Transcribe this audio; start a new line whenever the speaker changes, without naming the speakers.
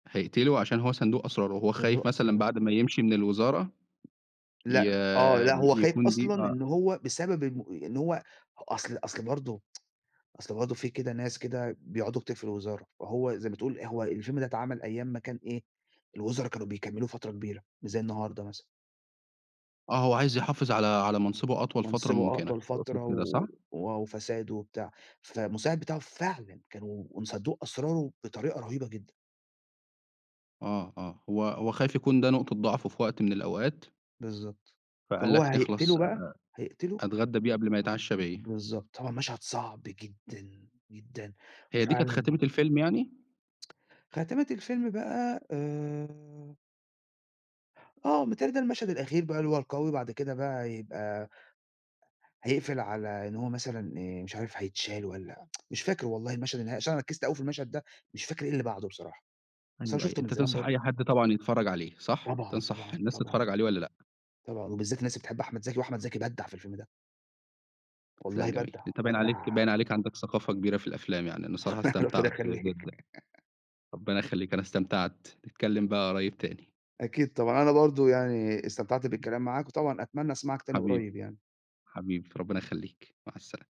هيقتله عشان هو صندوق أسراره، وهو
صندوق
خايف مثلًا
أسراره.
بعد ما يمشي من الوزارة ي
لأ آه. لأ
ي
هو خايف
يكون دي
أصلًا
آه.
إن هو بسبب إنه إن هو أصل أصل برضه أصل برضه في كده ناس كده بيقعدوا كتير في الوزارة، فهو زي ما تقول هو الفيلم ده اتعمل أيام ما كان إيه، الوزرا كانوا بيكمّلوا فترة كبيرة، مش زي النهاردة مثلًا.
آه. هو عايز يحافظ على على منصِبُه أطول فترة
منصِبُه
مُمكنة،
أطول
تقصد
فترة
كده صح؟
و وآه وفساد وبتاع، فالمساعد بتاعه فعلًا كانوا وصندوق أسراره بطريقة رهيبة جدًا.
آه، آه. هو هو خايف يكون ده نقطة ضعفه في وقت من الأوقات.
بالضبط.
فقال
فهو
لك
هيقتله
نخلص
بقي، هيقتله
أتغدّى بيه قبل ما يتعشّى بيّا.
بالضبط. طبعًا مشهد صَعب جدًا، جدًا
هي دي كانت
وفعلًا
خاتمة الفيلم يعني؟
خاتمة الفيلم بقى آآ آه، متهيّأ لي ده المشهد الأخير بقى اللي هو القوي بعد كده بقى هيبقى هيقفل على إن هو مثلًا آآ مش عارف هيتشال والّا مش فاكر والله المشهد النهائي عشان أنا ركِّزت أوي في المشهد ده، مش فاكر إيه اللي بعده بصراحة. أصل أنا
أيوه، أيوه.
شُفته من
أنت
زمان
تنصح
برضه.
أي حد طبعًا يتفرّج عليه صح؟
طبعًا،
تنصح
طبعًا،
الناس
طبعًا.
تتفرّج عليه والّا لأ؟
طبعًا. وبالذات الناس اللي بتحب أحمد زكي وأحمد زكي بدَّع في الفيلم ده.
لأ
والله
جميل.
بدَّع،
أنت باين عليك باين
بدَّع
عليك عندك ثقافة كبيرة في الأفلام، يعني أنا بصراحة
ربنا
استمتعت
يخلّيك.
جدًا. ربنا يخلّيك أنا استمتعت، نتكلّم بقى قريّب تاني.
أكيد طبعًا. أنا برضه يعني استمتعت بالكلام معاك وطبعًا أتمنّى أسمعك تاني
حبيبي.
قريّب يعني.
حبيبي، ربِّنا يخلّيك، مع السلامة.